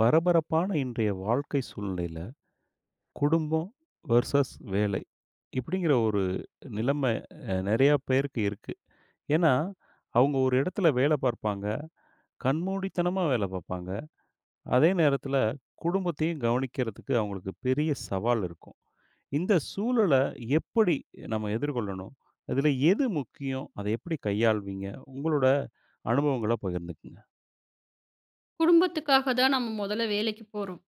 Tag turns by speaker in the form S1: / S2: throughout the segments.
S1: பரபரப்பான இன்றைய வாழ்க்கை சூழ்நிலையில, குடும்பம் வெர்சஸ் வேலை இப்டிங்குற ஒரு நிலைம நெறையா பேருக்கு இருக்கு. ஏன்னா, அவங்க ஒரு இடத்துல வேலை பாப்பாங்க, கண்மூடித்தனமா வேலை பாப்பாங்க. அதே நேரத்துல குடும்பத்தையும் கவனிக்குறதுக்கு அவங்களுக்கு பெரிய சவால் இருக்கும். இந்த சூழலை எப்படி நம்ப எதிர்கொள்ளணும்? அதுல எது முக்கியம்? அத எப்படி கையாள்வீங்க? உங்களோட அனுபவங்கள பகிர்ந்துக்கங்க.
S2: குடும்பத்துக்காக தான் நம்ப மொதல வேலைக்கு போறோம்.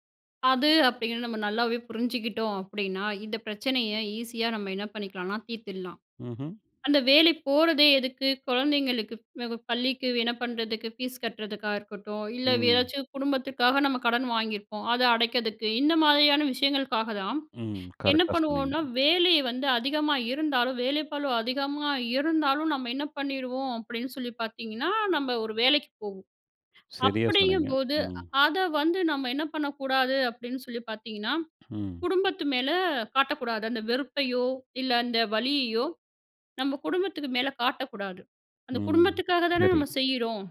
S2: அது அப்டீன்னு நம்ப நல்லாவே புரிஞ்சுகிட்டோம் அப்டீன்னா, இந்த பிரச்சனைய ஈஸியா நம்ப என்ன பண்ணிக்கலாம்னா, தீர்த்துடலாம்.
S1: ம்ஹ்ம்.
S2: அந்த வேலைக்கு போறதே எதுக்கு? குழந்தைங்களுக்கு ப் பள்ளிக்கு என்ன பண்ணுறதுக்கு? ஃபீஸ் கட்டுறதுக்கா இருக்கட்டும் இல்ல,
S1: ம்.
S2: ஏதாச்சும் குடும்பத்துக்காக நம்ப கடன் வாங்கியிருப்போம். அத அடைக்குறதுக்கு இந்த மாதிரியான விஷயங்களுக்காக தான்
S1: ம்.
S2: என்ன
S1: கரெக்ட்டா சொன்னீங்க.
S2: பண்ணுவோம்னா, வேலை வந்து அதிகமா இருந்தாலும், வேலை பளு அதிகமா இருந்தாலும், நம்ப என்ன பண்ணீருவோம் அப்டீன்னு சொல்லி பாத்தீங்கன்னா, நம்ப ஒரு வேலைக்கு போவோம்
S1: சரியா சொன்னீங்க.
S2: அப்படிங்கும்போது,
S1: ம்.
S2: அத வந்து நம்ப என்ன பண்ணக்கூடாது அப்டீன்னு சொல்லி பாத்தீங்கன்னா,
S1: ம்.
S2: குடும்பத்து மேல காட்டக்கூடாது. அந்த வெறுப்பையோ இல்ல, அந்த வலியையோ நம்ப குடும்பத்துக்கு மேல காட்டக்கூடாது. அந்த
S1: ம்.
S2: குடும்பத்துக்காக தானே
S1: சரி.
S2: நம்ப செய்யுறோம்.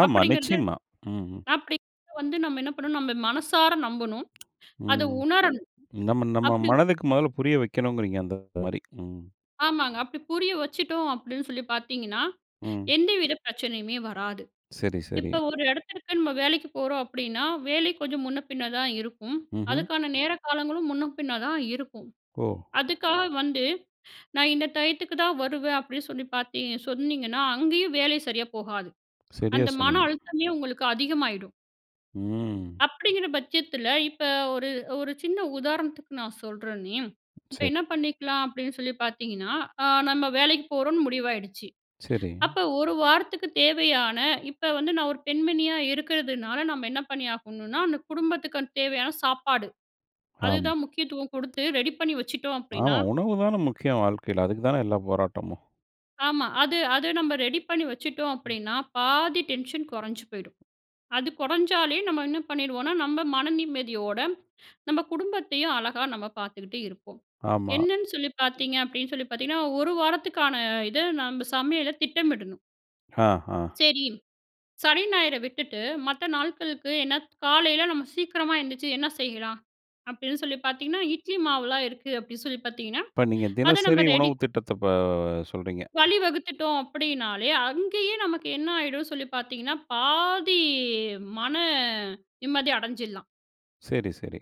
S1: ஆமா
S2: அப்படிங்குறது
S1: நிச்சயமா, ம்.
S2: அப்படி வந்து நம்ப என்ன பண்ணனும்? நம்ப மனசார நம்பனும், அத
S1: ம்.
S2: உணரணும்.
S1: நம்ப நம்ப
S2: அப்டி
S1: மனதுக்கு மொதல புரிய வைக்கணும்றீங்க அந்த மாதிரி. ம்.
S2: ஆமாங்க. அப்டி புரிய வச்சுட்டோம். அப்படீன்னு சொல்லி பார்த்தீங்கன்னா,
S1: ம்.
S2: எந்தவித பிரச்சனையுமே வராது.
S1: சரி, சரி.
S2: இப்ப ஒரு இடத்துக்கிட்ட, நம்ம வேலைக்கு போறோம் அப்பிடீன்னா, வேலை கொஞ்சம் முன்ன பின்ன தான் இருக்கும்.
S1: ம்ஹ்ம்.
S2: அதுக்கான நேர, காலங்களும் முன்ன பின்ன தான் இருக்கும்.
S1: ஓ!
S2: அதுக்காக வந்து நான் இந்த டயத்துக்கு தான் வருவேன் அப்படீன்னு சொல்லி பார்த்தீ சொன்னீங்கன்னா, அங்கயும் வேல சரியா போகாது.
S1: சரியா
S2: அந்த மன
S1: சொன்னீங்க.
S2: அழுத்தமே, உங்களுக்கு அதிகமாயிடும்.
S1: ம்
S2: அப்படீங்கிற பட்சத்துல, இப்ப ஒரு ஒரு சின்ன உதாரணத்துக்கு, நான் சொல்றனே. இப்ப என்ன
S1: சரி
S2: பண்ணிக்கலாம் அப்படீன்னு சொல்லி பார்த்தீங்கன்னா, அ நம்ம வேலைக்கு போறோம்னு முடிவாயிடுச்சு.
S1: சரி.
S2: அப்ப, 1 வாரத்துக்கு தேவையான, இப்ப வந்து நான் ஒரு பெண்மணியா இருக்கிறதுனால, நம்ம என்ன பண்ணியாகணும்னா, அந்த குடும்பத்துக்கு, அந்த தேவையான சாப்பாடு.
S1: ஆம்.
S2: அதுதான் முக்கியத்துவம் குடுத்து ரெடி பண்ணி வச்சுட்டோம் அப்படீன்னா
S1: ஆமா. உணவு தான முக்கியம், வாழ்க்கைல. அதுக்கு தான எல்லா போராட்டமும்.
S2: ஆமா. அது அது நம்ம ரெடி பண்ணி வச்சுட்டோம்
S1: ம்.
S2: அப்படீன்னா, பாதி டென்ஷன் குறைஞ்சு போயிடும். அது குறைஞ்சாலே, நம்ம என்ன பண்ணிடுவோம்னா, நம்ம மன நிம்மதியோட நம்ம குடும்பத்தையும் அழகா, நம்ம பார்த்துக்குட்டு இருப்போம்.
S1: ஆமா.
S2: என்னன்னு சொல்லி பார்த்தீங்க அப்படீன்னு சொல்லி பார்த்தீங்கன்னா, 1 வாரத்துக்கான இத, நம்ப சமையல திட்டமிடணும்.
S1: ஹ, ஹா.
S2: சரி. சனி, ஞாயிறு விட்டுட்டு மத்த நாள்களுக்கு என்ன, காலையில நம்ம சீக்கிரமா எழுந்திரிச்சு என்ன செய்யலாம்? அப்படீன்னு சொல்லி பார்த்தீங்கன்னா, இட்லி மாவுல்லாம் இருக்கு அப்படீன்னு சொல்லி பார்த்தீங்கன்னா,
S1: இப்ப நீங்க
S2: அதை
S1: தினசரி
S2: நம்ம ரெடி
S1: உணவு திட்டத்த, இப்ப சொல்லுறீங்க.
S2: வழிவகுத்துட்டோம் அப்படின்னாலே, அங்கயே நமக்கு என்ன ஆயிடுன்னு சொல்லி பார்த்தீங்கன்னா, பாதி மன நிம்மதி அடஞ்சுடலாம்.
S1: சரி, சரி.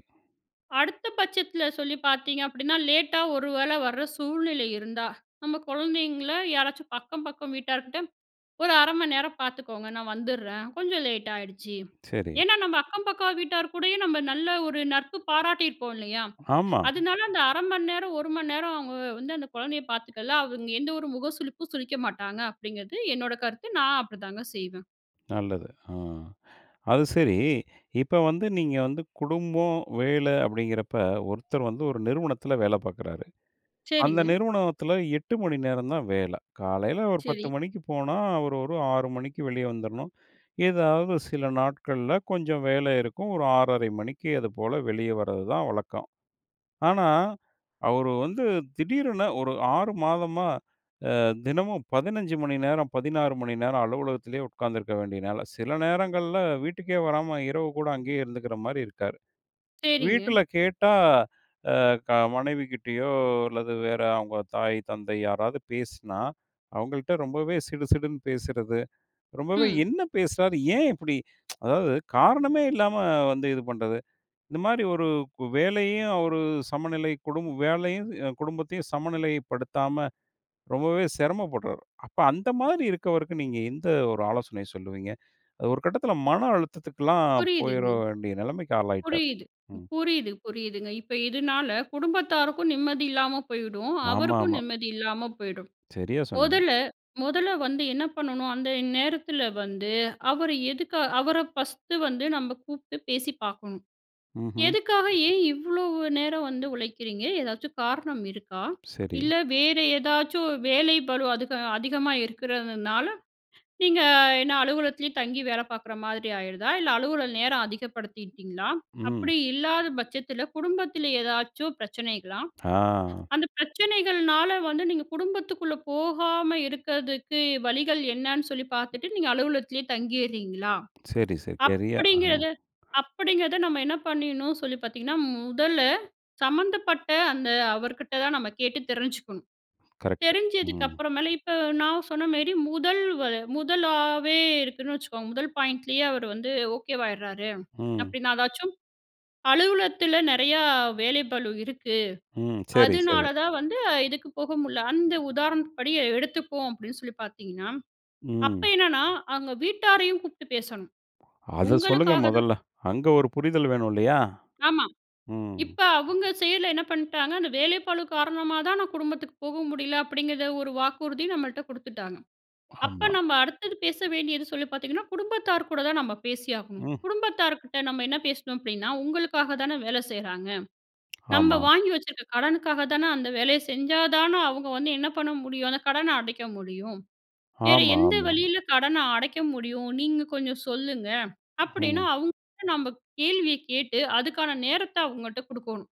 S2: அடுத்த பட்சத்தில சொல்லி பார்த்தீங்க அப்படீன்னா, லேட்டா ஒரு வேள வர சூழ்நிலை இருந்தா, நம்ம குழந்தைங்கள யாராச்சும் அக்கம் பக்கம் வீட்டார்க்கிட்ட, "ஒரு 1/2 மணி நேரம் பார்த்துக்கோங்க. நான் வந்துடறேன். கொஞ்சம் லேட்டாயிடுச்சு."
S1: சரி.
S2: ஏன்னா, நம்ம அக்கம் பக்கம் வீட்டார் கூடயும், நம்ம நல்ல ஒரு நட்பு பாராட்டியிருப்போம் இல்லையா?
S1: ஆமா.
S2: அதனால அந்த 1/2 மணிநேரம் 1 மணி நேரம் அவங்க வந்து அந்த குழந்தையை பார்த்துக்கலாம். அவங்க எந்த ஒரு முக சுழிப்பும் சுழிக்க மாட்டாங்க. அப்படிங்கிறது என்னோட கருத்து. நான் அப்படி தாங்க செய்வேன்.
S1: நல்லது. அ. அது சரி, இப்போ வந்து நீங்க வந்து குடும்பம், வேலை அப்படீங்கிறப்ப, ஒருத்தர் வந்து 1 நிறுவனத்தில வேலை பாக்குறாரு. அந்த
S2: சரிங்க.
S1: நிறுவனத்துல 8 மணி நேரம் தான் வேலை. காலையில ஒரு 10
S2: சரி.
S1: மணிக்கு போனா, அவர் ஒரு 6 மணிக்கு வெளிய வந்துரணும். ஏதாவது சில நாட்கள்ல கொஞ்சம் வேலை இருக்கும். ஒரு 6 1/2 மணிக்கு அது போல வெளிய வரதுதான் வழக்கம். ஆனா, அவர் வந்து திடீரென ஒரு 6 மாதமா அ தினமும் 15 மணி நேரம் 16 மணி நேரம் அலுவலகத்திலயே உட்காந்துருக்க வேண்டியதுனால, சில நேரங்கள்ல வீட்டுக்கே வராம இரவு கூட அங்கேயே இருந்துக்கிற மாரி இருக்காரு.
S2: சரிங்க.
S1: வீட்டுல கேட்டா அ க மனைவிகிட்டயோ, அல்லது வேற அவங்க தாய் தந்தை யாராவது பேசினா, அவங்கள்ட்ட ரொம்பவே சிடுசிடுன்னு பேசுறது. ரொம்பவே
S2: ம்.
S1: என்ன பேசுறார்? ஏன் இப்படி? அதாவது காரணமே இல்லாம வந்து இது பண்ணுறது. இந்த மாரி ஒரு இப்ப வேலையையும், அவரு சமநிலை குடும்ப வேலையும், அ குடும்பத்தையும் சமநிலைப்படுத்தாம ரொம்பவே சிரமப்படுறார். அப்ப அந்த மாரி இருக்கவருக்கு நீங்க எந்த ஒரு ஆலோசனையை சொல்லுவீங்க. அது ஒரு கட்டத்தில, மன அழுத்தத்துக்கல்லாம் போயிட
S2: புரியுதுங்க.
S1: வேண்டிய நெலைமைக்கு ஆளாயிட்டாரு.
S2: புரியுது,
S1: ம்.
S2: புரியுது, புரியுதுங்க. இப்ப இதனால குடும்பத்தாருக்கும் நிம்மதி இல்லாம போயிடும். அவருக்கும்
S1: ஆமாமா.
S2: நிம்மதி இல்லாம போயிடும்.
S1: சரியா சொன்னீங்க.
S2: முதல்ல முதல்ல வந்து என்ன பண்ணணும்? அந்த நேரத்தில வந்து அவர் எதுக்கா அவரை ஃபஸ்ட்டு வந்து நம்ம கூப்பிட்டு பேசி பார்க்கணும்.
S1: ம்ஹ்ம்.
S2: "எதுக்காக, ஏன் இவ்ளோ நேரம் வந்து உழைக்கிறீங்க? ஏதாச்சு காரணம் இருக்கா?
S1: சரி.
S2: இல்ல வேறு ஏதாச்சும் வேலை பளு அதுக அதிகமா இருக்கிறதுனால, நீங்க என்ன அலுவலகத்திலேயே தங்கி வேலை பார்க்குற மாதிரி ஆயிருதா? இல்ல, அலுவலக நேரம் அதிகப்படுத்திட்டீங்களா?
S1: ம்.
S2: அப்படி இல்லாத பட்சத்துல குடும்பத்தில ஏதாச்சும் பிரச்சனைகளா?
S1: ஆ.
S2: அந்த பிரச்சனைகள்னால வந்து நீங்க குடும்பத்துக்குள்ள போகாம இருக்கிறதுக்கு வழிகள் என்னன்னு சொல்லி பார்த்துட்டு, நீங்க அலுவலகத்திலயே தங்கியிர்றீங்களா?"
S1: சரி, சரி. சரியா. அம்.
S2: அப்படிங்கிறத அப்படிங்கிறத நம்ம என்ன பண்ணீடணும்னு சொல்லி பார்த்தீங்கன்னா, முதல்ல சம்மந்தப்பட்ட அந்த அவர்கிட்ட தான் நம்ம கேட்டு தெரிஞ்சிக்கணும்.
S1: க்ரெக்ட்.
S2: தெரிஞ்சதுக்கு
S1: ம்.
S2: அப்பறமேல், இப்ப நான் சொன்ன மாரி முதல் வ முதலாவே இருக்குன்னு வச்சுக்கோங்க. முதல் பாயிண்ட்லயே அவரு வந்து ஓகேவாயிடுறாரு.
S1: ம்.
S2: அப்படீன்னா, ஏதாச்சும் அலுவலகத்தில நெறைய வேலை பளு இருக்கு.
S1: ம். சரி,
S2: அதனால
S1: சரி.
S2: தான் வந்து இதுக்கு போக முடியல. "அந்த உதாரணப்படி எடுத்துப்போம்." அப்படீன்னு சொல்லி பார்த்தீங்கன்னா, அப்ப
S1: ம்.
S2: என்னன்னா அவங்க வீட்டாரையும் கூப்பிட்டு பேசணும்.
S1: அத சொல்லுங்க
S2: உங்களுக்காக தான்
S1: மொதல்ல. அங்க ஒரு புரிதல் வேணும் இல்லையா?
S2: ஆமா,
S1: ம்.
S2: இப்ப அவங்க சைடில என்ன பண்ணீட்டாங்க, "அந்த வேலைப்பளு காரணமா தான், நான் குடும்பத்துக்கு போக முடியல." அப்படீங்கிற 1 வாக்குறுதி நம்மள்ட்ட குடுத்துட்டாங்க. அப்ப
S1: ஆமா.
S2: நம்ப அடுத்தது பேச வேண்டியது சொல்லி பார்த்தீங்கன்னா, குடும்பத்தார் கூட தான் நம்ம பேசி ஆகணும்.
S1: ம்.
S2: குடும்பத்தார்க்கிட்ட நம்ம என்ன பேசணும் அப்படீன்னா, "உங்களுக்காக தான வேல செய்றாங்க, நம்ம
S1: ஆமா.
S2: வாங்கி வச்சுருக்க கடனுக்காக தான, அந்த வேலைய செஞ்சா தான அவங்க வந்து என்ன பண்ண முடியும்? அந்த கடன அடைக்க முடியும். வேற
S1: ஆமா,
S2: எந்த
S1: ஆமா, ஆமா.
S2: வழியில கடனை அடைக்க முடியும்? நீங்க கொஞ்சம் சொல்லுங்க." அப்படீன்னா
S1: ஹ்ம்.
S2: அவங்க கிட்ட, நம்ம கேள்விய கேட்டு அதுக்கான நேரத்தை அவங்கட்ட குடுக்கோணும்.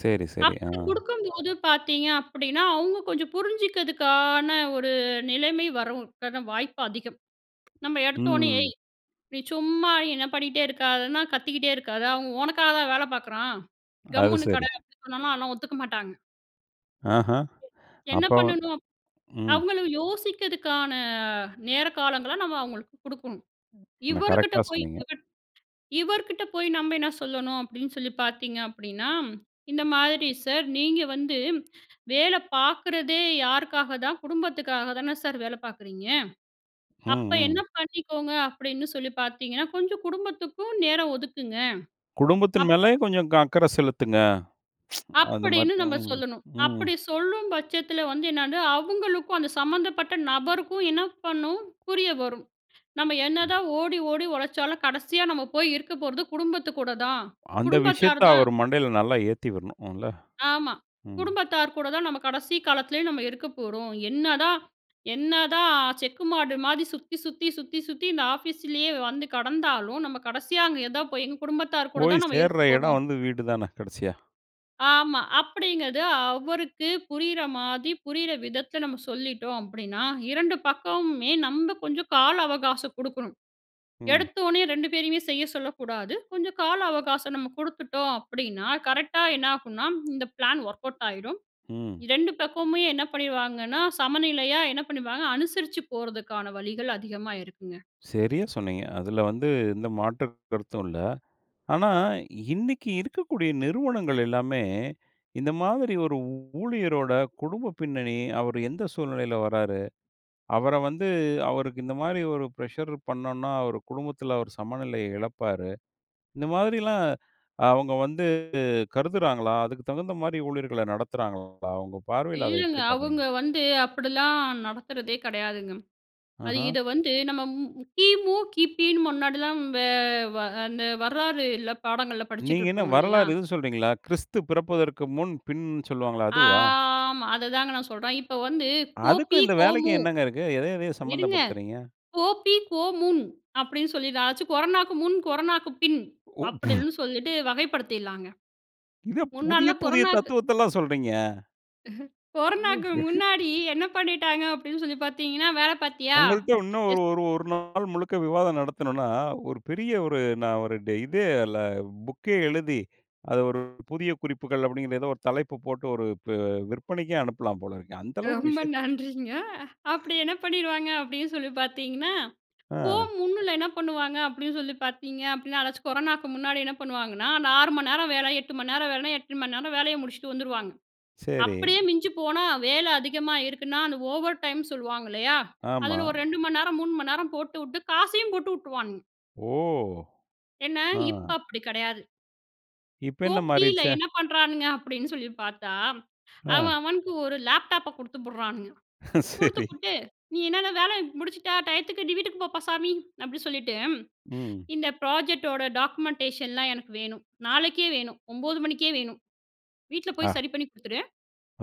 S1: சரி, சரி, ஆ.
S2: அப்படி குடுக்கும்போது பார்த்தீங்க அப்படீன்னா, அவங்க கொஞ்சம் புரிஞ்சிக்கிறதுக்கான ஒரு நிலைமை வரும். அதுக்கான வாய்ப்பு அதிகம். நம்ம எடுத்தோனே,
S1: ம்.
S2: ஏய்! நீ சும்மா என்ன பண்ணிட்டே இருக்காதன்னா "கத்திக்கிட்டே இருக்காத, அவன் உனக்காக தான் வேலை பார்க்குறான்,
S1: அது
S2: கம்முன்னு கெட."
S1: சரி.
S2: அப்படி சொன்னால்லாம், அதெல்லாம் ஒத்துக்க மாட்டாங்க.
S1: ஆஹா!
S2: என்ன
S1: அப்போ
S2: பண்ணணும்,
S1: ம்.
S2: அவங்களும் யோசிக்கிறதுக்கான நேர காலங்களை நம்ம அவங்களுக்கு குடுக்கணும். இவருகிட்ட
S1: கரெக்ட்‌டா
S2: போய்,
S1: சொன்னீங்க.
S2: இவர் இவர்கிட்ட போய் நம்ம என்ன சொல்லணும் அப்படீன்னு சொல்லி பார்த்தீங்க அப்படீன்னா, "இந்த மாதிரி சார்! நீங்க வந்து வேலை பார்க்குறதே யாருக்காக தான்? குடும்பத்துக்காக தான சார் வேலை பார்க்குறீங்க.
S1: ம்.
S2: அப்ப, என்ன
S1: ம்.
S2: பண்ணிக்கோங்க அப்படீன்னு சொல்லி பார்த்தீங்கன்னா, கொஞ்சம் குடும்பத்துக்கும் நேரம் ஒதுக்குங்க."
S1: குடும்பத்தின்
S2: அப்ப
S1: மேலையும் கொஞ்சம் க அக்கறை செலுத்துங்க. அந்த மாரி.
S2: அப்படீன்னு நம்ப
S1: ம்.
S2: சொல்லணும்.
S1: ம்.
S2: அப்படி சொல்லும் பட்சத்தில வந்து என்னது, அவுங்களுக்கும் அந்த சம்மந்தப்பட்ட நபருக்கும் என்ன பண்ணும்? புரிய வரும். நம்ம
S1: ம்.
S2: என்னதான் ஓடி ஓடி உழைச்சாலும் கடைசியா நம்ம போய் இருக்க போறது குடும்பத்து கூட தான்.
S1: அந்த
S2: குடும்பத்தார்
S1: விஷயத்தை
S2: தான்.
S1: அவர் மண்டைல நல்லா ஏத்தி விடணும். இல்ல.
S2: ஆமா.
S1: ம்.
S2: குடும்பத்தார் கூட தான் நம்ம கடைசி காலத்துலேயும் நம்ம இருக்க போறோம். என்னதான் என்னதான் செக்கு மாடு மாதிரி சுத்தி, சுத்தி, சுத்தி, சுத்தி இந்த ஆஃபீஸிலேயே வந்து கெடந்தாலும், நம்ம கடைசியா அங்க ஏதா போய் எங்க குடும்பத்தார் கூட
S1: போய்
S2: தான் நம்ம இருக்க
S1: சேர்ற எடம்
S2: போறோம்.
S1: வந்து வீடு தான கடைசியா.
S2: ஆமா. அப்படீங்கறது அவருக்கு புரியிற மாதிரி, புரியிற விதத்துல நம்ம சொல்லிட்டோம் அப்படீன்னா, 2 பக்கமுமே நம்ம கொஞ்சம் கால அவகாசம் குடுக்கணும்.
S1: ம்.
S2: எடுத்தொன்னே 2 பேரையுமே செய்ய சொல்லக்கூடாது. கொஞ்சம் கால அவகாசம் நம்ம குடுத்துட்டோம் அப்படீன்னா, கரெக்டா என்ன ஆகும்னா இந்த ப்ளான் ஒர்க் அவுட் ஆயிரும்.
S1: ம்.
S2: 2 பக்கமுமே என்ன பண்ணீருவாங்கன்னா, சமநிலையா என்ன பண்ணீருவாங்க அனுசரிச்சு போறதுக்கான வழிகள் அதிகமா இருக்குங்க.
S1: செரியா சொன்னீங்க. அதுல வந்து எந்த மாற்று கருத்தும் இல்ல. ஆனா, இன்னைக்கு இருக்கக்கூடிய நிறுவனங்கள் எல்லாமே இந்த மாதிரி, "ஒரு ஊ ஊழியரோட குடும்ப பின்னணி, அவர் எந்த சூழ்நிலையில வராரு. அவரை வந்து அவருக்கு இந்த மாதிரி ஒரு ப்ரெஷர் பண்ணோம்னா, அவரு குடும்பத்துல அவர் சமநிலைய எழப்பாரு" இந்த மாதிரிலாம் அவங்க வந்து கருதுறாங்களா? அதுக்கு தகுந்த மாரி ஊழியர்கள நடத்துறாங்களா? உங்க பார்வையில அத
S2: இல்லங்க.
S1: எப்புடி பாக்குறீங்க?
S2: அவங்க வந்து அப்படிலாம் நடக்குறதே கெடையாதுங்க. அது,
S1: அஹ்ம்.
S2: இத வந்து நம்ம மு மு கி.மு, கி.பின்னு முன்னாடிலாம் வெ வ அந்த வரலாறுல்ல பாடங்கள்ல
S1: நீங்க என்ன
S2: படிச்சுட்ருப்போம் இல்லையா?
S1: வரலாறு, இது சொல்லுறீங்களா? கிறிஸ்து பிறப்பதற்கு முன், பின் சொல்லுவாங்கல்ல.
S2: அ
S1: அதுவா?
S2: ஆமா. அத தாங்க நா சொல்றேன். இப்ப வந்து கோபி,
S1: அதுக்கும், இந்த வேலைக்கும்
S2: கோமு.
S1: என்னங்க இருக்கு? எதயதையோ
S2: இருங்க.
S1: சம்மந்தப்படுத்துறீங்க.
S2: கோபி, கோமுன் அப்படீன்னு சொல்லி ,அதாச்சு கொரோனாக்கு முன், கொரோனாக்கு பின்
S1: ஓ! ஃப்ஹு.
S2: அப்படீன்னு சொல்லிட்டு வகைப்படுத்திடலாங்க.
S1: என்ன, புதிய
S2: முன்னால்லாம்
S1: புதிய
S2: கொரோனாக்கு
S1: தத்துவத்தெல்லாம் சொல்றீங்க?
S2: கொரோனாக்கு முன்னாடி என்ன பண்ணிட்டாங்க? அப்பிடீன்னு சொல்லி, பாத்தீங்கன்னா "வேலை பார்த்தியா?"
S1: உங்கள்ட்ட இன்னும்
S2: எஸ்.
S1: ஒரு ஒரு ஒரு நாள் முழுக்க விவாதம் நடத்துணோம்னா, ஒரு பெரிய ஒரு நான் ஒரு ட இதே, இல்ல புக்கே எழுதி, அத ஒரு புதிய குறிப்புகள் அப்பிடீங்கிற ஏதோ ஒரு தலைப்பு போட்டு ஒரு ப விற்பனைக்கே அனுப்பலாம் போல இருக்கே. அந்த அளவுக்கு ஒரு
S2: ரொம்ப
S1: விஷயத்த.
S2: நன்றிங்க. அப்பிடி என்ன பண்ணிடுவாங்க? அப்பிடீன்னு சொல்லி, பாத்தீங்கன்னா, கோ
S1: ஆ.
S2: முன்னுல என்ன பண்ணுவாங்க? அப்பிடீன்னு சொல்லி பாத்தீங்க, அப்படீனா, எதாச்சும் கொரோனாவுக்கு முன்னாடி என்ன பண்ணுவாங்கன்னா? அந்த 6 மணி நேரம் வேல, 8 மணி நேரம் வேலனா, 8 மணி நேரம் வேலையை முடிச்சுட்டு வந்துருவாங்க.
S1: சரி.
S2: அப்பிடியே மிஞ்சி போனா, வேலை அதிகமா இருக்குன்னா, அந்த ஓவர் டைம் சொல்லுவாங்க. இல்லையா.
S1: ஆமா.
S2: அதுல ஒரு 2 மணி நேரம், 3 மணி நேரம் போட்டுவுட்டு, காசையும் போட்டு விட்டுருவானுங்க
S1: ஓ!
S2: ஏன்னா,
S1: ஆ.
S2: இப்போ அப்பிடி கிடையாது.
S1: இப்ப
S2: கோ
S1: என்ன
S2: பில
S1: மாறிருச்சு?
S2: என்ன பண்ணுறானுங்க அப்பிடின்னு சொல்லி பார்த்தா, அவன்
S1: ஆ.
S2: அவனுக்கு ஒரு லேப்டாப்ப குடுத்து புடுறானுங்க. குடுத்து
S1: சரி.
S2: புட்டு, "நீ என்னன்ன வேலை முடிச்சுட்டா, டையத்துக்கு நீ வீட்டுக்கு போப்பா சாமி" அப்படி சொல்லிட்டு
S1: ம்.
S2: "இந்த ப்ராஜெக்ட்டோட டாக்குமென்டேஷன்லாம் எனக்கு வேணும். நாளைக்கே வேணும். 9 மணிக்கே வேணும். வீட்ல
S1: ஆ.
S2: போய் சரி பண்ணி குடுத்துரு."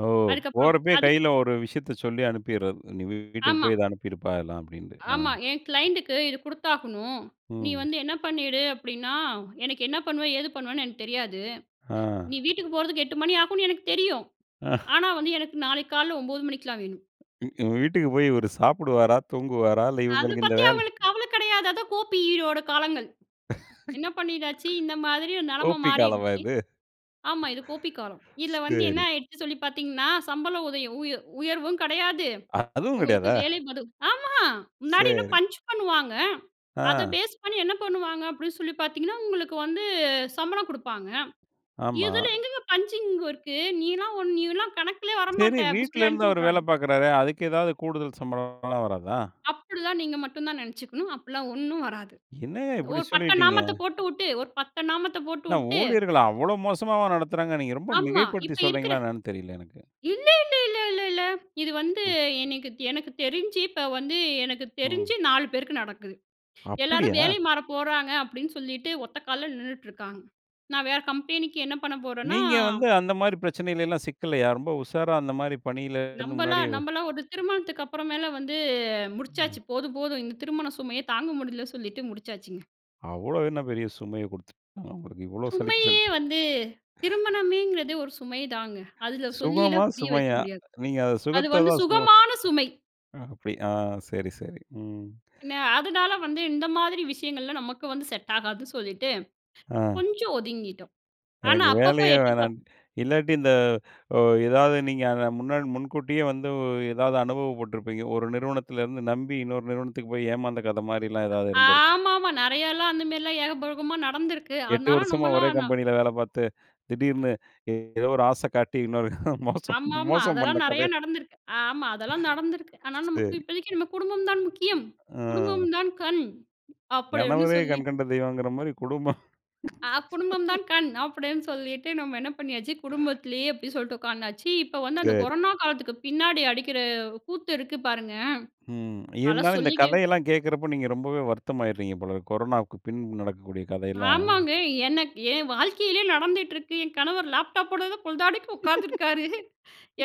S1: ஓ!
S2: அதுக்கப்புறம்
S1: போறப்பயே
S2: அது,
S1: கைல ஒரு விஷயத்த சொல்லி அனுப்பிட்றது. நீ வீ வீட்டுக்கு
S2: ஆமா.
S1: போய் இத அனுப்பிருப்பா இதெல்லாம், அப்பிடீன்ட்டு. அ.
S2: ஆமா. "என் க்ளைண்டுக்கு இது குடுத்தாகணும். நீ
S1: ம்.
S2: வந்து என்ன பண்ணிடு. அப்பிடீன்னா, எனக்கு என்ன பண்ணுவே, ஏது பண்ணுவேன்னு எனக்கு தெரியாது.
S1: ஆ.
S2: நீ வீட்டுக்கு போறதுக்கு 8 மணி ஆகும்னு எனக்கு தெரியும்.
S1: ஆ.
S2: ஆனா, வந்து எனக்கு நாளைக்கு காலைல 9 மணிக்கெலாம் வேணும்."
S1: வீட்டுக்கு போய் இவரு சாப்பிடுவாரா? தூங்குவாரா? இல்ல,
S2: அத
S1: இவங்களுக்கு இந்த
S2: பத்தி
S1: வேலை?
S2: அவுங்களுக்கு கவலை கிடையாது. அதான் கோ பி யோட காலங்கள். என்ன பண்ணிட்டாச்சு? இந்த மாதிரி ஒரு
S1: கோ
S2: நிலைமை
S1: பி காலமா
S2: மாறிடுச்சு.
S1: இது.
S2: ஆமா. இது கோ பி காலம். இதுல வந்து என்ன
S1: சரி.
S2: ஆயிடுச்சுன்னு சொல்லி பாத்தீங்கன்னா, சம்பளம் உதயம் உயர் உயர்வும் கிடையாது.
S1: அதுவும்
S2: உங்களுக்கு
S1: கிடையாதா?
S2: வேலைபளு ஆமா. முன்னாடி என்ன
S1: சரி.
S2: பஞ்ச் பண்ணுவாங்க. அத
S1: ஆ.
S2: பேஸ் பண்ணி, என்ன பண்ணுவாங்க, அப்படின்னு சொல்லி பாத்தீங்கன்னா உங்களுக்கு வந்து சம்பளம் குடுப்பாங்க.
S1: ஆமா.
S2: இதுல எங்கேங்க பஞ்சிங்கு இருக்கு? நீலாம் ஒ நீலாம் கணக்கிலேயே
S1: சரி.
S2: வரமாட்ட" அப்பிடி சொல்லி
S1: வீட்டுலருந்து அவரு வேல
S2: அனுப்பிவுட்றாங்க.
S1: பார்க்குறாரே, அதுக்கு எதாவது கூடுதல் சம்பளம்லாம் வராதா?
S2: அப்பிடி தான். நீங்க மட்டும் தான் நினைச்சுக்கணும். அப்பிடியெல்லாம் ஒண்ணும் வராது.
S1: என்னங்க இப்படி
S2: ஒரு பட்டை
S1: சொல்லிட்டீங்க.
S2: நாமத்த போட்டு வுட்டு ஒரு பட்டை நாமத்த போட்டு
S1: என்ன
S2: வுட்டு.
S1: ஊழியர்கள அவ்வளோ மோசமாவா நடத்துறாங்க. நீங்க ரொம்ப
S2: ஆமா.
S1: மிகைப்படுத்தி
S2: இப்ப இருக்கிற.
S1: சொல்லுறீங்களா? என்னன்னு தெரியல எனக்கு.
S2: இல்லே இல்லே இல்ல இல்ல இல்ல. இது வந்து
S1: ம்.
S2: எனக்கு எனக்கு தெரிஞ்சு இப்போ வந்து எனக்கு
S1: ம்.
S2: தெரிஞ்சு 4 பேருக்கு நடக்குது. எல்லாரும்
S1: அப்பிடியா?
S2: வேலை மாற போறாங்க அப்பிடீன்னு சொல்லிட்டு, ஒத்த கால்ல நின்னுட்ருக்காங்க. நான் வேற கம்பெனிக்கு, என்ன பண்ண போறேன்னா
S1: நீங்க வந்து அந்த மாரி பிரச்சனைலாம் சிக்கலையா? ரொம்ப உஷாரா அந்த மாரி பணில இருந்து முன்னாடியே
S2: நம்பலாம் நம்பலாம் ஒரு திருமணத்துக்கு அப்புறமேல வந்து
S1: ம்.
S2: முடிச்சாச்சு. போதும், போதும் இந்த திருமண சுமையே தாங்க முடியலன்னு சொல்லிட்டு முடிச்சாச்சுங்க.
S1: அவ்வளோ என்ன பெரிய சுமைய குடுத்துட்டாங்க, உங்களுக்கு? இவ்வளோ சலிப்பு [unintelligible]
S2: சுமையே
S1: சலிச்சு.
S2: வந்து திருமணமேங்றதே ஒரு சுமை தாங்க. அதுல
S1: சுகமா?
S2: சொல்லில்லாம் புரிய வைக்க
S1: சுமையா?
S2: முடியாது.
S1: நீங்க அத
S2: அது
S1: சுகத்த
S2: வந்து
S1: தான் சுமை
S2: சுகமான சுமை.
S1: ஆ, அப்படி. ஆ, சரி, சரி. ம்.
S2: பின்ன, அதனால வந்து இந்த மாதிரி விஷயங்கள்லாம் நமக்கு வந்து செட் ஆகாது சொல்லீட்டு,
S1: ஆ.
S2: கொஞ்சம் ஒதுங்கிட்டோம். ஆனா
S1: எனக்கு
S2: அப்பப்போ
S1: வேலையே
S2: எட்டி
S1: வேணாம்.
S2: பார்ப்போம்.
S1: இல்லாட்டி இந்த ஓ ஏதாவது நீங்க அத முன்னா முன்கூட்டியே வந்து ஓ ஏதாவது அனுபவ பட்டுருப்பீங்க. ஒரு நிறுவனத்துல இருந்து நம்பி, இன்னொரு நிறுவனத்துக்கு போயி ஏமாந்த கதை மாரிலாம் ஏதாவது
S2: அ
S1: இருந்திருக்கும்.
S2: ஆமாமா. நெறையல்லாம் அந்த மாரிலாம் ஏகபோகமா நடந்திருக்கு.
S1: 8
S2: அதனால
S1: வருஷமா
S2: நம்மளா
S1: ஒரே
S2: நம்
S1: கம்பெனியில வேலை பார்த்து, திடீர்னு ஏ ஏதோ ஒரு ஆசை காட்டி இன்னொரு மோசம்
S2: ஆமாமா.
S1: மோசம் பண்ண
S2: அதெல்லாம் நெறைய
S1: கதை.
S2: நடந்திருக்கு. ஆமா, அதெல்லாம் நடந்திருக்கு. ஆனா நமக்கு
S1: சரி.
S2: இப்போதைக்கு "நம்ம குடும்பம் தான் முக்கியம். குடும்பம்
S1: அ.
S2: தான் கண்," அப்படி ஒண்ணு
S1: கணவரே
S2: சொல்லிட்டு
S1: கண்கண்ட தெய்வங்கற மாரி, குடும்பம்.
S2: ஆ, "குடும்பம் தான் கண்" அப்படீன்னு சொல்லிட்டு, நம்ம என்ன பண்ணியாச்சு, குடும்பத்திலேயே அப்படி சொல்லிட்டு உட்கார்ந்தாச்சு. இப்ப வந்து அந்த
S1: சரி.
S2: கொரோனா காலத்துக்கு பின்னாடி அடிக்கிற கூத்து இருக்கு பாருங்க,
S1: ம்.
S2: அதெல்லாம்
S1: இருந்தாலும் இந்த
S2: சொல்லிக்க
S1: கதையெல்லாம் கேட்கறப்போ, நீங்க ரொம்பவே வருத்தமாயிறீங்க போலருக்கு. கொரோனாவுக்கு பின்பு நடக்கக்கூடிய கதையெல்லாம்.
S2: ஆமாங்க. எனக்கு என் வாழ்க்கையிலயே நடந்துட்டுருக்கு. என் கணவர் லேப்டாப்போட தான் பொழுதாடிக்கு உட்காந்துருக்காரு.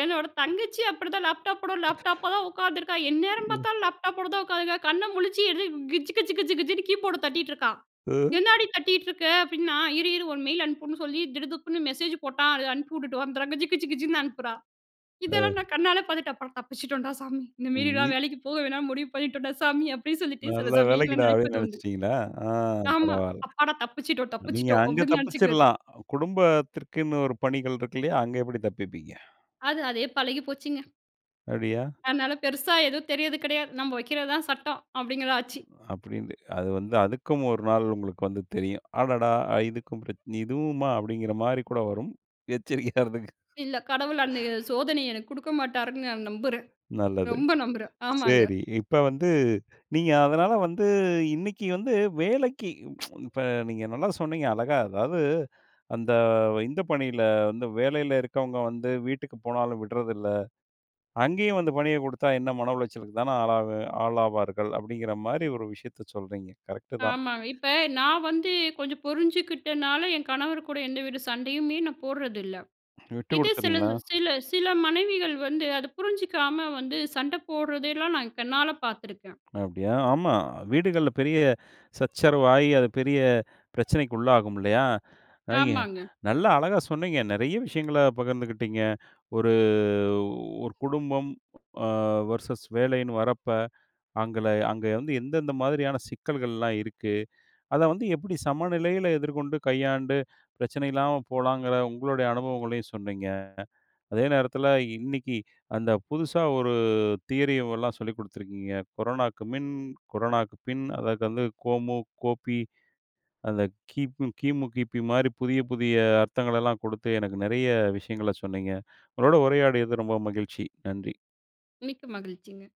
S2: என்னோட தங்கச்சியும் அப்படி தான், லேப்டாப்போட லேப்டாப்பா தான் உட்கார்ந்துருக்கா. எந்நேரம்
S1: ம்.
S2: பார்த்தாலும் லேப்டாப்போட தான் உட்காந்துருக்கா. கண்ண முழிச்சு என்ன, கிஜ்ஜு, கிஜ்ஜு, கிஜ்ஜு, கிஜ்ஜுன்னு கீபோர்ட தட்டிட்டுருக்கா.
S1: அ.
S2: "என்னாடி தட்டீட்டுருக்க?" அப்படின்னா, இரு, இரு ஒரு மெயில் அனுப்புன்னு சொல்லி, "திடுதிப்புன்னு மெசேஜ் போட்டான். அதை அனுப்பிவுட்டுட்டு வந்துர்றேன்." கிஜ்ஜு, கிஜ்ஜு, கிஜ்ஜுன்னு அனுப்புறா.
S1: ஆ.
S2: இதெல்லாம் நான் கண்ணால பார்த்துட்டு அப்புறம், "தப்பிச்சுட்டோம்டா சாமி.
S1: ம்மி
S2: இந்தமேரிலாம் வேலைக்கு போக வேணான்னு முடிவு பண்ணிட்டோம்டா சாமி" அப்படீன்னு சொல்லிட்டு சில
S1: "நல்ல
S2: சமயங்கள்ல
S1: வேலைக்குடா" அப்படீன்னு
S2: நினைப்பதுண்டு.
S1: நெனைச்சிட்டீங்களா? ஆ,
S2: ஆமா.
S1: பரவால்ல.
S2: அப்பாடா "தப்பிச்சிட்டோம்,
S1: நீங்க
S2: தப்பிச்சிட்டோம்"
S1: அங்க
S2: அப்படீன்னு நெனைச்சுக்கிறது.
S1: தப்பிச்சிரலாம். குடும்பத்திற்குன்னு ஒரு பணிகள் இருக்கு இல்லையா? அங்க எப்படி தப்பிப்பீங்க?
S2: அது, அதே பழகிப் போச்சுங்க.
S1: அப்டியா?
S2: அதனால, பெருசா எதுவும் தெரியறது கெடையாது. "நம்ப வைக்கிறது தான் சட்டம்." அப்டீங்கிறது ஆச்சு.
S1: அப்படீன்னு, அது வந்து அதுக்கும் 1 நாள் உங்களுக்கு வந்து தெரியும். "அடடா இதுக்கும் பிரச்சனை இதுவுமா?" அப்படீங்கிற மாரி கூட வரும். எச்சரிக்கையா இருந்துக்குங்க.
S2: இல்ல. கடவுள் அந்த ய சோதனைய எனக்கு குடுக்க மாட்டாருன்னு நான் நம்புறேன்.
S1: நல்லது.
S2: ரொம்ப நம்புறேன். ஆமாங்க.
S1: செரி. இப்ப வந்து, நீங்க அதனால வந்து, இன்னைக்கு வந்து வேலைக்கு இப்ப நீங்க நல்லா சொன்னீங்க அழகா. அதாவது அந்த, இந்த பணியில வந்து வேலையில இருக்கவங்க வந்து, "வீட்டுக்கு போனாலும் விடுறதில்ல. அங்கேயும் வந்து பணிய குடுத்தா, என்ன மன உளைச்சலுக்கு தான ஆளாவேன் ஆளாவார்கள்" அப்படீங்கிற மாரி ஒரு விஷயத்தை சொல்றீங்க. கரெக்ட்‌டு தான்.
S2: ஆமாங்க. இப்ப நான் வந்து கொஞ்சம் புரிஞ்சுகிட்டனால, என் கணவர் கூட எந்த வித சண்டையுமே நான் போடுறதில்ல.
S1: விட்டு
S2: இது சில
S1: குடுத்துறீங்களா?
S2: சில சில மனைவிகள் வந்து அதை புரிஞ்சுக்காம வந்து, சண்டை போடுறதெல்லாம் நான் கண்ணால பாத்திருக்கேன்.
S1: அப்படியா? ஆமா. வீடுகள்ல பெரிய சச்சரவு ஆயி, அது பெரிய பிரச்சனைக்குள்ளாகும் இல்லையா? ஐங்க,
S2: ஆமாங்க.
S1: நல்லா அழகா சொன்னீங்க, நெறைய விஷயங்கள பகிர்ந்துக்கிட்டீங்க. ஒரு, 1 குடும்பம் அ வெர்சஸ் வேலைன்னு வரப்ப, அங்கள அங்க வந்து எந்தெந்த மாதிரியான சிக்கல்கள்லாம் இருக்கு, அத வந்து எப்படி சமநிலையில எதிர்கொண்டு, கையாண்டு பிரச்சனை இல்லாம போலாங்குற உங்களுடைய அனுபவங்களையும் சொன்னீங்க. அதே நேரத்துல, இன்னைக்கு அந்த புதுசா ஒரு தியரி ஓ ல்லாம் சொல்லிக் குடுத்துருக்கீங்க. கொரோனாவுக்கு மின், கொரோனாவுக்கு பின், அதற்கு வந்து கோமு கோபி அந்த கிம் கிமு, கிபி மாரி புதிய புதிய அர்த்தங்களெல்லாம் குடுத்து, எனக்கு நெறைய விஷயங்கள சொன்னீங்க. உங்களோடு உரையாடியது ரொம்ப மகிழ்ச்சி. நன்றி!
S2: மிக்க மகிழ்ச்சிங்க.